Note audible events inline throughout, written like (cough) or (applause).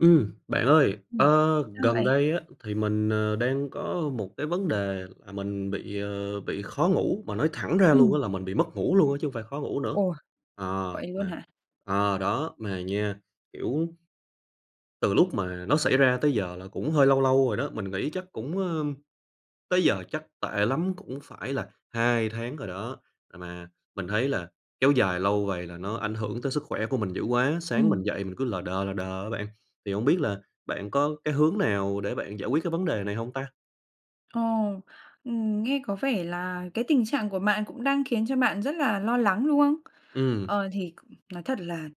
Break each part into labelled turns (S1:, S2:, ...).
S1: Ừm, bạn ơi,
S2: Ừm,
S1: ơ,
S2: sao
S1: gần
S2: vậy?
S1: đây á thì mình, ờ, đang có một cái vấn đề là mình bị, ờ, bị khó ngủ, mà nói thẳng ra luôn á
S2: Ừm.
S1: là mình bị mất ngủ luôn á chứ hông phải khó ngủ nữa.
S2: Ồ.
S1: Ờ,
S2: Vậy luôn
S1: mà
S2: hả?
S1: ờ, đó mà nha, kiểu, từ lúc mà nó xảy ra tới giờ là cũng hơi lâu lâu rồi đó, mình nghĩ chắc cũng ờm, tới giờ chắc tệ lắm cũng phải là 2 tháng rồi đó. À, mà mình thấy là kéo dài lâu vậy là nó ảnh hưởng tới sức khỏe của mình dữ quá, sáng mình
S2: Ừm.
S1: dậy mình cứ lờ đờ, lờ đờ á bạn. Thì hổng biết là bạn có cái hướng nào để bạn giải quyết cái vấn đề này hông ta?
S2: Ồ, ừm, nghe có vẻ là cái tình trạng của bạn cũng đang khiến cho bạn rất là lo lắng, đúng không?
S1: Ừm.
S2: Ờ, thì nói thật là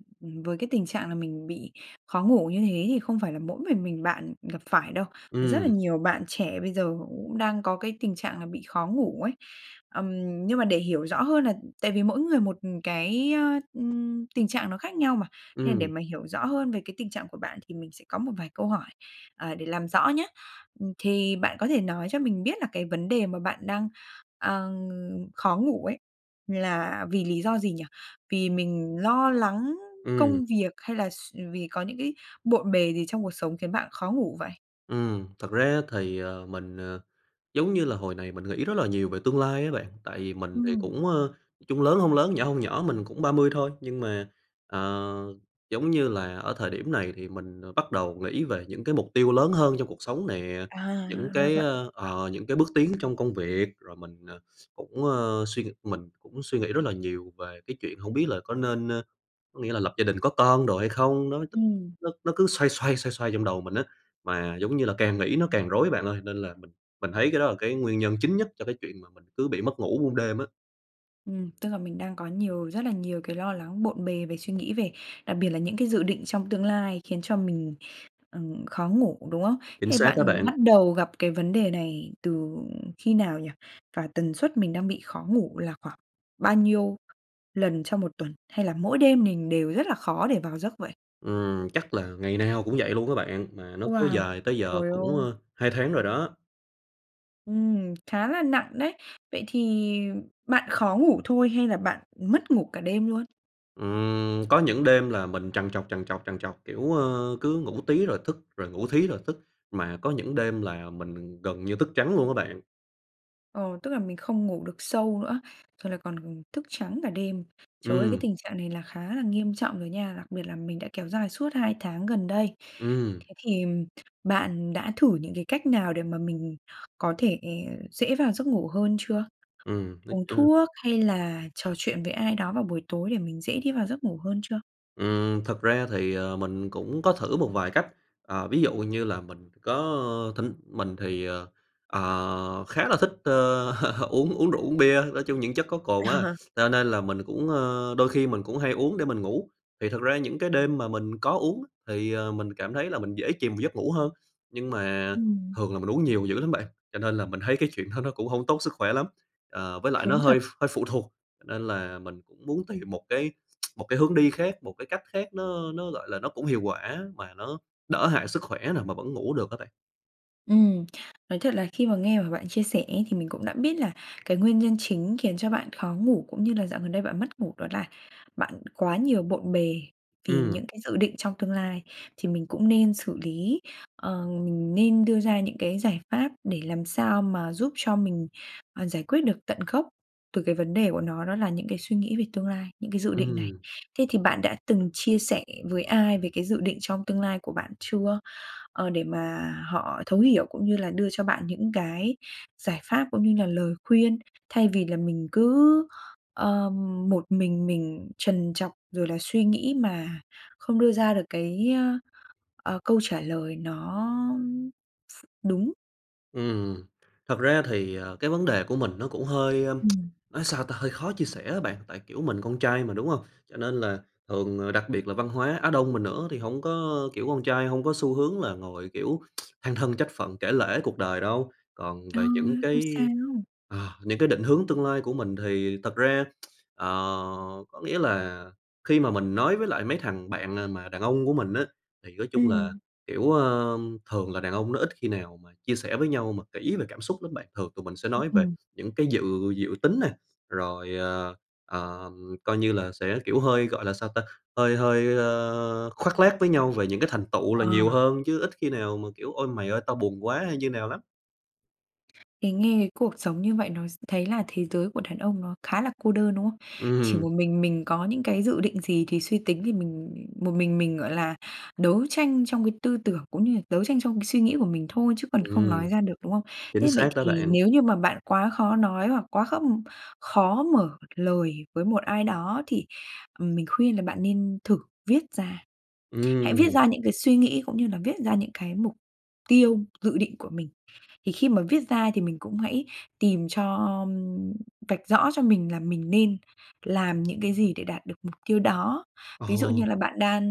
S2: với cái tình trạng là mình bị khó ngủ như thế thì không phải là mỗi mình mình bạn gặp phải đâu, rất là
S1: Ừm.
S2: nhiều bạn trẻ bây giờ cũng đang có cái tình trạng là bị khó ngủ ấy. Ừm, nhưng mà để hiểu rõ hơn là tại vì mỗi người một cái, ừm, tình trạng nó khác nhau mà. Nên là để
S1: Ừm.
S2: mà hiểu rõ hơn về cái tình trạng của bạn thì mình sẽ có một vài câu hỏi, à, để làm rõ nhá. Thì bạn có thể nói cho mình biết là cái vấn đề mà bạn đang, ờ, khó ngủ ấy là vì lý do gì nhỉ? Vì mình lo lắng
S1: Ừm.
S2: công việc hay là s vì có những cái bộn bề gì trong cuộc sống khiến bạn khó ngủ vậy?
S1: Ừm, thật ra thì, ờ, mình, ờ, giống như là hồi này mình nghĩ rất là nhiều về tương lai á bạn, tại vì mình thì
S2: Ừm.
S1: cũng, ơ, chung lớn hông lớn, nhỏ hông nhỏ mình cũng 30 thôi, nhưng mà, ờ, giống như là ở thời điểm này thì mình, ờ, bắt đầu nghĩ về những cái mục tiêu lớn hơn trong cuộc sống nè, những
S2: À, ra
S1: cái,
S2: vậy.
S1: a, ờ, những cái bước tiến trong công việc rồi mình, ờ, cũng, ơ, suy ng mình cũng suy nghĩ rất là nhiều về cái chuyện hông biết là có nên ơ, có nghĩa là lập gia đình có con đồ hay không? Nó (unintelligible)
S2: Ừm.
S1: nó nó cứ xoay xoay, xoay xoay trong đầu mình á, mà giống như là càng nghĩ nó càng rối bạn ơi, nên là mình mình thấy cái đó là cái nguyên nhân chính nhất cho cái chuyện mà mình cứ bị mất ngủ muôn đêm á.
S2: Ừm, tức là mình đang có nhiều rất là nhiều cái lo lắng bộn bề về suy nghĩ về đặc biệt là những cái dự định trong tương lai khiến cho mình, ừm, khó ngủ, đúng không?
S1: Chính
S2: Thế
S1: xác á
S2: bạn
S1: bạn.
S2: bắt đầu gặp cái vấn đề này từ khi nào nhỉ? Và tần suất mình đang bị khó ngủ là khoảng bao nhiêu lần trong 1 tuần hay là mỗi đêm mình đều rất là khó để vào giấc vậy?
S1: Ừm, chắc là ngày nào cũng vậy luôn á bạn, mà nó kéo
S2: Wow,
S1: dài tới giờ
S2: trời
S1: cũng,
S2: ơi!
S1: ơ, 2 tháng rồi đó.
S2: Ừm, khá là nặng đấy. Vậy thì bạn khó ngủ thôi hay là bạn mất ngủ cả đêm luôn?
S1: Ừm, có những đêm là mình trằn trọc, trằn trọc, trằn trọc. Kiểu, ơ, cứ ngủ tí rồi thức, rồi ngủ thí rồi thức, mà có những đêm là mình gần như thức trắng luôn á bạn.
S2: Ờ, tức là mình không ngủ được sâu nữa, rồi là còn thức trắng cả đêm. Trời ơi, cái
S1: Ừm.
S2: tình trạng này là khá là nghiêm trọng rồi nha. Đặc biệt là mình đã kéo dài suốt 2 tháng gần đây.
S1: Ừm.
S2: Thế thì, bạn đã thử những cái cách nào để mà mình có thể dễ vào giấc ngủ hơn chưa?
S1: Ừm, nói,
S2: Uống
S1: ơ
S2: thuốc hay là trò chuyện với ai đó vào buổi tối để mình dễ đi vào giấc ngủ hơn chưa?
S1: Ừm, thực ra thì, ờ, mình cũng có thử một vài cách. Ờ, ví dụ như là mình có, ơ, thỉnh mình thì, ờ, ờ, khá là thích, ơ, uống uống rượu, uống bia, nói chung những chất có cồn á,
S2: Ờ.
S1: cho nên là mình cũng ơ, đôi khi mình cũng hay uống để mình ngủ. Thì thật ra những cái đêm mà mình có uống, thì, ờ, mình cảm thấy là mình dễ chìm vào giấc ngủ hơn. Nhưng mà
S2: Ừm.
S1: thường là mình uống nhiều dữ lắm bạn, cho nên là mình thấy cái chuyện đó nó cũng hông tốt sức khỏe lắm. Ờ, với lại nó
S2: Đúng
S1: hơi
S2: thật.
S1: ph hơi phụ thuộc, cho nên là mình cũng muốn tìm một cái một cái hướng đi khác, một cái cách khác nó, ơ, nó, gọi là, nó cũng hiệu quả mà nó đỡ hại sức khỏe nè, mà vẫn ngủ được á bạn.
S2: Ừm, nói thật là khi mà nghe mà bạn chia sẻ ấy thì mình cũng đã biết là cái nguyên nhân chính khiến cho bạn khó ngủ, cũng như là dạo gần đây bạn mất ngủ, đó là bạn quá nhiều bộn bề, vì
S1: Ừm.
S2: những cái dự định trong tương lai, thì mình cũng nên xử lý, ờ, mình nên đưa ra những cái giải pháp để làm sao mà giúp cho mình, ờ, giải quyết được tận gốc từ cái vấn đề của nó, đó là những cái suy nghĩ về tương lai, những cái dự định này.
S1: Ừm.
S2: Thế thì bạn đã từng chia sẻ với ai về cái dự định trong tương lai của bạn chưa, ờ, để mà họ thấu hiểu cũng như là đưa cho bạn những cái giải pháp cũng như là lời khuyên, thay vì là mình cứ, ờ, một mình mình trần trọc, rồi là suy nghĩ mà không đưa ra được cái, ơ ờ, câu trả lời nó ph đúng?
S1: Ừm, thật ra thì, ờ, cái vấn đề của mình nó cũng hơi, ơ, (tsk)
S2: Ừm.
S1: nói sao ta hơi khó chia sẻ á bạn, tại, kiểu, mình con trai mà, đúng không, cho nên là thường, ờ, đặc biệt là văn hóa Á Đông mình nữa thì hông có, kiểu, con trai hông có xu hướng là ngồi, kiểu, (tsk) than thân trách phận, kể lể cuộc đời đâu. Còn
S2: Trời
S1: về những
S2: ơi! Không sao!
S1: cái ờ, những cái định hướng tương lai của mình thì thật ra, (tsk) ờ, có nghĩa là khi mà mình nói với lại mấy thằng bạn, à, mà đàn ông của mình á, thì nói chung là,
S2: Ừm.
S1: kiểu, ờ, thường là đàn ông nó ít khi nào mà chia sẻ với nhau mà kỹ về cảm xúc lắm bạn, thường tụi mình sẽ nói về
S2: Ừm.
S1: những cái dự dự tính nè, rồi, ờ, ờ, coi như là sẽ, kiểu, hơi, gọi là sao ta hơi hơi, ơ, khoác lác với nhau về những cái thành tựu là
S2: Ờ.
S1: nhiều hơn, chứ ít khi nào mà, kiểu: "Ôi, mày ơi tao buồn quá" hay như nào lắm.
S2: Cái nghe cái cuộc sống như vậy nó s thấy là thế giới của đàn ông nó khá là cô đơn, đúng không? Chỉ
S1: Ừm.
S2: một mình mình có những cái dự định gì thì suy tính thì mình một mình mình, gọi là, đấu tranh trong cái tư tưởng cũng như là đấu tranh trong cái suy nghĩ của mình thôi chứ còn không
S1: Ừm.
S2: nói ra được, đúng không?
S1: Chính
S2: Thế vậy
S1: xác đó
S2: thì
S1: bạn.
S2: nếu như mà bạn quá khó nói hoặc quá khó khó mở lời với một ai đó thì mình khuyên là bạn nên thử viết ra. Hãy viết
S1: Ừm.
S2: ra những cái suy nghĩ cũng như là viết ra những cái mục tiêu dự định của mình. Thì khi mà viết ra thì mình cũng hãy tìm cho vạch rõ cho mình là mình nên làm những cái gì để đạt được mục tiêu đó. Ví dụ như
S1: Ồ!
S2: là bạn đang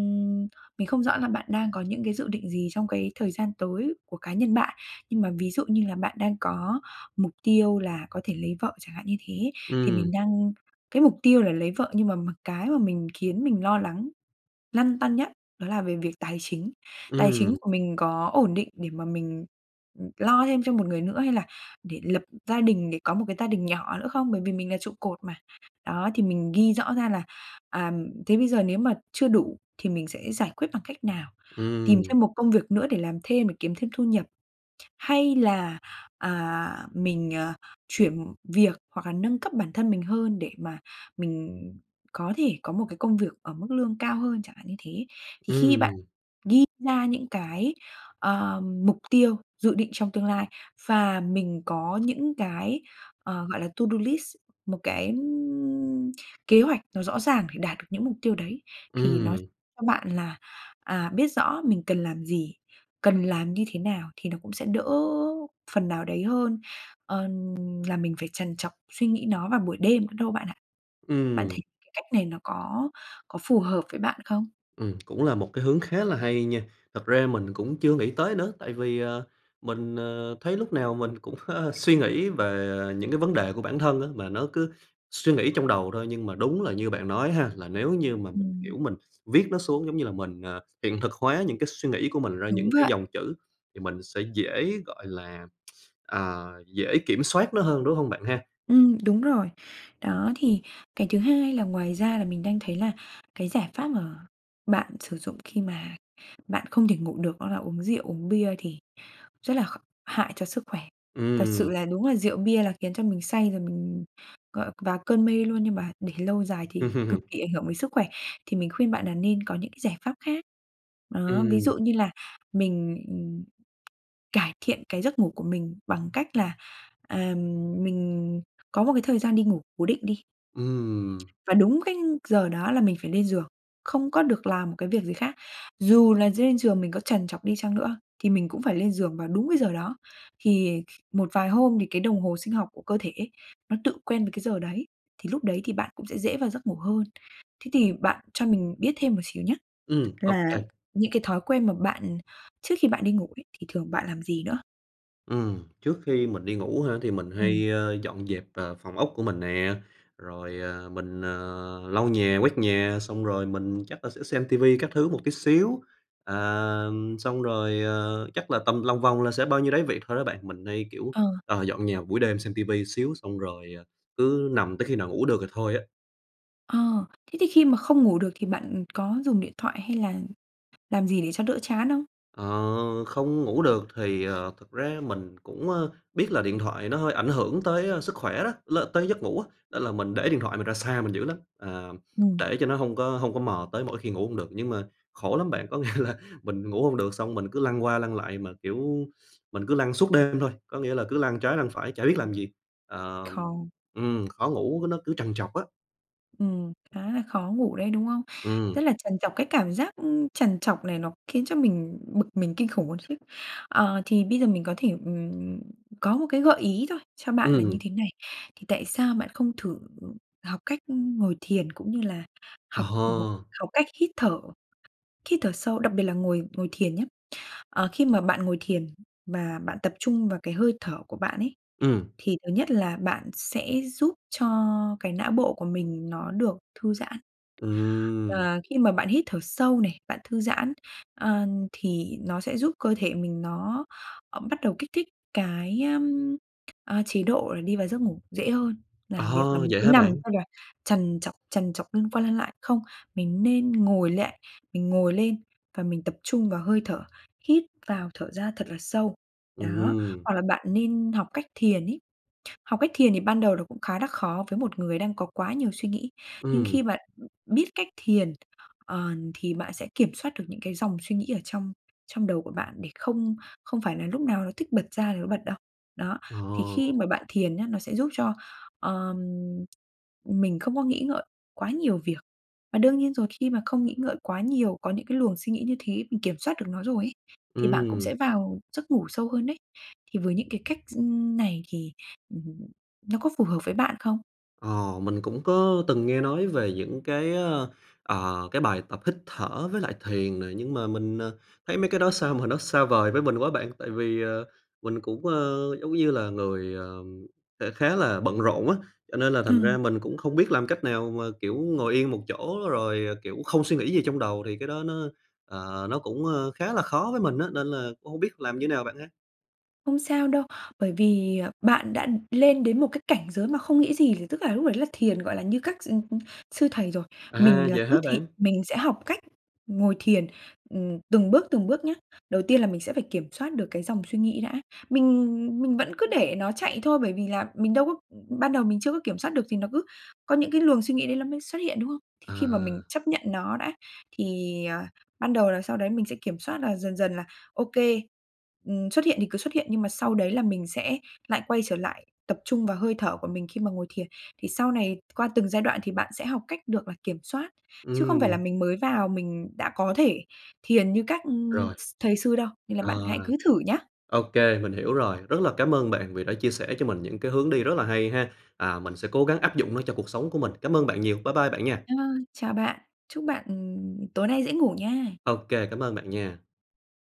S2: mình không rõ là bạn đang có những cái dự định gì trong cái thời gian tới của cá nhân bạn, nhưng mà ví dụ như là bạn đang có mục tiêu là có thể lấy vợ, chẳng hạn như thế, thì
S1: Ừm.
S2: mình đang cái mục tiêu là lấy vợ nhưng mà mặc cái mà mình khiến mình lo lắng, lăn tăn nhất đó là về việc tài chính. Tài chính
S1: Ừm.
S2: của mình có ổn định để mà mình lo thêm cho một người nữa hay là để lập gia đình để có một cái gia đình nhỏ nữa không? Bởi vì mình là trụ cột mà. Đó, thì mình ghi rõ ra là, à, thế bây giờ nếu mà chưa đủ thì mình sẽ giải quyết bằng cách nào? Tìm cho
S1: Ừm.
S2: một công việc nữa để làm thêm để kiếm thêm thu nhập, hay là, à, mình, à, chuyển việc hoặc là nâng cấp bản thân mình hơn để mà mình có thể có một cái công việc ở mức lương cao hơn, chẳng hạn như thế. Thì khi bạn
S1: Ừm.
S2: ghi ra những cái, ờ, mục tiêu tiêu dự định trong tương lai, và mình có những cái, ờ, gọi là, to do list, một cái kế hoạch nó rõ ràng để đạt được những mục tiêu đấy, thì nó
S1: Ừm.
S2: cho bạn là, à, biết rõ mình cần làm gì, cần làm như thế nào, thì nó cũng sẽ đỡ phần nào đấy hơn, ờ, là mình phải trằn trọc suy nghĩ nó vào buổi đêm nữa đâu bạn ạ. Bạn thấy
S1: Ừm.
S2: cái cách này nó có có phù hợp với bạn không?
S1: Ừm, cũng là một cái hướng khá là hay nha. Thật ra mình cũng chưa nghĩ tới nữa, tại vì, ờ, mình, ờ, thấy lúc nào mình cũng, ơ, suy nghĩ về, à, những cái vấn đề của bản thân á, mà nó cứ suy nghĩ trong đầu thôi, nhưng mà đúng là như bạn nói á ha, là nếu như mà mình,
S2: Ừm.
S1: kiểu, mình viết nó xuống giống như là mình, ờ, hiện thực hóa những cái suy nghĩ của mình ra
S2: Đúng
S1: những cái
S2: vậy.
S1: dòng chữ, thì mình sẽ dễ, gọi là, (tsk) à, dễ kiểm soát nó hơn đúng hông bạn ha?
S2: Ừm, đúng rồi. Đó, thì cái thứ hai là ngoài ra là mình đang thấy là cái giải pháp mà bạn sử dụng khi mà bạn không thể ngủ được đó là uống rượu uống bia thì rất là kh hại cho sức khỏe. Thật
S1: Ừm.
S2: sự là đúng là rượu bia là khiến cho mình say rồi mình gọi vào cơn mê luôn, nhưng mà để lâu dài thì cực
S1: (laughs)
S2: kỳ ảnh hưởng đến sức khỏe, thì mình khuyên bạn là nên có những cái giải pháp khác. Đó, ví
S1: Ừm.
S2: dụ như là mình, ừ, cải thiện cái giấc ngủ của mình bằng cách là, à, mình có một cái thời gian đi ngủ cố định đi.
S1: Ừm.
S2: Và đúng cái giờ đó là mình phải lên giường, không có được làm một cái việc gì khác. Dù là lên giường mình có trằn trọc đi chăng nữa thì mình cũng phải lên giường vào đúng cái giờ đó. Thì một vài hôm thì cái đồng hồ sinh học của cơ thể ấy nó tự quen với cái giờ đấy, thì lúc đấy thì bạn cũng sẽ dễ vào giấc ngủ hơn. Thế thì bạn cho mình biết thêm một xíu nhá,
S1: Ừm,
S2: là
S1: OK.
S2: những cái thói quen mà bạn trước khi bạn đi ngủ ấy thì thường bạn làm gì nữa?
S1: Ừm, trước khi mình đi ngủ hả, thì mình
S2: Ừm.
S1: hay, ơ, dọn dẹp, ờ, phòng ốc của mình nè, rồi, ờ, mình, ờ, lau nhà, quét nhà, xong rồi mình chắc là sẽ xem ti vi các thứ một tí xíu. À, ừm, xong rồi, ờ, chắc là tầm lòng vòng là sẽ bao nhiêu đấy việc thôi đó bạn, mình hay, kiểu,
S2: Ờ.
S1: ờ, dọn nhà buổi đêm, xem ti vi tí xíu, xong rồi, ờ, cứ nằm tới khi nào ngủ được thì thôi á.
S2: Ờ, thế thì khi mà không ngủ được thì bạn, ừ, có dùng điện thoại hay là làm gì để cho đỡ chán không?
S1: Ờ, không ngủ được thì, ờ, thực ra mình cũng, a, biết là điện thoại nó hơi ảnh hưởng tới, a, sức khỏe đó, l tới giấc ngủ á, nên là mình để điện thoại mình ra xa mình dữ lắm, ờ,
S2: Ừm.
S1: để cho nó hông có hông có mò tới mỗi khi ngủ hông được. Nhưng mà khổ lắm bạn, có nghĩa là mình ngủ hông được xong mình cứ lăn qua lăn lại mà, kiểu, mình cứ lăn suốt đêm thôi, có nghĩa là cứ lăn trái lăn phải chả biết làm gì, ờm,
S2: Không.
S1: ừm, khó ngủ, nó cứ trằn trọc á.
S2: Ừm, khá là khó ngủ đấy, đúng không?
S1: Ừm.
S2: Rất là trằn trọc, cái cảm giác, ưm, trằn trọc này nó khiến cho mình bực mình kinh khủng luôn chứ. Ờ, thì bây giờ mình có thể, ừm, có một cái gợi ý thôi cho bạn là như
S1: Ừm.
S2: thế này, thì tại sao bạn không thử học cách ngồi thiền cũng như là
S1: Ờ
S2: học một
S1: hơ.
S2: học cách hít thở, hít thở sâu, đặc biệt là ngồi ngồi thiền nhá. Ờ, khi mà bạn ngồi thiền, và bạn tập trung vào cái hơi thở của bạn ấy,
S1: Ừm.
S2: thì thứ nhất là bạn sẽ giúp cho cái não bộ của mình nó được thư giãn.
S1: Ừm.
S2: À, khi mà bạn hít thở sâu này, bạn thư giãn, ờ, thì nó sẽ giúp cơ thể mình nó, ơ, bắt đầu kích thích cái, ưm, a, chế độ là đi vào giấc ngủ dễ hơn,
S1: Ờ
S2: làm việc là
S1: ha,
S2: mình
S1: vậy
S2: cứ
S1: hả
S2: nằm
S1: bạn?
S2: xong rồi trằn trọc, trằn trọc lăn qua lăn lại, không, mình nên ngồi lại, mình ngồi lên và mình tập trung vào hơi thở, hít vào thở ra thật là sâu,
S1: Ừm
S2: đó,
S1: hưm.
S2: hoặc là bạn nên học cách thiền ấy. Học cách thiền thì ban đầu là nó cũng khá là khó với một người đang có quá nhiều suy nghĩ, nhưng
S1: Ừm.
S2: khi bạn, ưm, biết cách thiền, ờn, thì bạn sẽ kiểm soát được những cái dòng suy nghĩ ở trong trong đầu của bạn để không không phải là lúc nào nó thích bật ra thì nó bật đâu. Đó,
S1: Ờ.
S2: thì khi mà bạn thiền nhá, nó sẽ giúp cho, ờm, mình không có nghĩ ngợi quá nhiều việc, và đương nhiên rồi khi mà không nghĩ ngợi quá nhiều, có những cái luồng suy nghĩ như thế, mình kiểm soát được nó rồi ấy, thì bạn cũng
S1: Ừm.
S2: sẽ vào giấc ngủ sâu hơn đấy. Thì với những cái cách s ưm, này thì, ừm, (unintelligible) nó có phù hợp với bạn không?
S1: Ờ, mình cũng có từng nghe nói về những cái, ơ, ờ, cái bài tập hít thở với lại thiền nè. Nhưng mà mình, ờ, thấy mấy cái đó sao mà nó xa vời với mình quá bạn. Tại vì, ờ, mình cũng, ơ, giống như là người, ờ, sẽ khá là bận rộn á, cho nên là thành
S2: Ừm.
S1: ra mình cũng không biết làm cách nào mà, kiểu, ngồi yên một chỗ rồi, kiểu, không suy nghĩ gì trong đầu, thì cái đó nó, ờ, nó cũng, ơ, khá là khó với mình á, nên là cũng hông biết làm như nào bạn ha?
S2: Không sao đâu, bởi vì, bạn đã lên đến một cái cảnh giới mà không nghĩ gì, thì tức là lúc đấy là thiền, gọi là, như các s ừm, ừm, sư thầy rồi.
S1: À,
S2: Mình là
S1: vậy
S2: cứ
S1: hả
S2: thị
S1: bạn?
S2: mình sẽ học cách ngồi thiền, ừm, từng bước từng bước nhá. Đầu tiên là mình sẽ phải kiểm soát được cái dòng suy nghĩ đã, mình ừm, ừm, mình vẫn cứ để nó chạy thôi, bởi vì là mình đâu có ban đầu mình chưa có kiểm soát được thì nó cứ có những cái luồng suy nghĩ đấy ló mới xuất hiện, đúng không? Thì khi mà mình
S1: À.
S2: chấp nhận nó đã, thì, ờ, ban đầu làm sao đấy mình sẽ kiểm soát là dần dần là ô kê, ừm, xuất hiện thì cứ xuất hiện, nhưng mà sau đấy là mình sẽ lại quay trở lại tập trung vào hơi thở của mình khi mà ngồi thiền. Thì sau này qua từng giai đoạn thì bạn sẽ học cách được là kiểm soát, chứ không phải là
S1: Ừm.
S2: mình mới vào mình đã có thể thiền như các
S1: Rồi.
S2: s thầy sư đâu, nên là bạn hãy
S1: Rồi.
S2: cứ thử nhá.
S1: Ô kê, mình hiểu rồi, rất là cám ơn bạn vì đã chia sẻ cho mình những cái hướng đi rất là hay ha, à, mình sẽ cố gắng áp dụng nó cho cuộc sống của mình. Cám ơn bạn nhiều, bye bye bạn nha.
S2: Ơ, chào bạn, chúc bạn, ừm, tối nay dễ ngủ nha.
S1: Ô kê, cảm ơn bạn nha.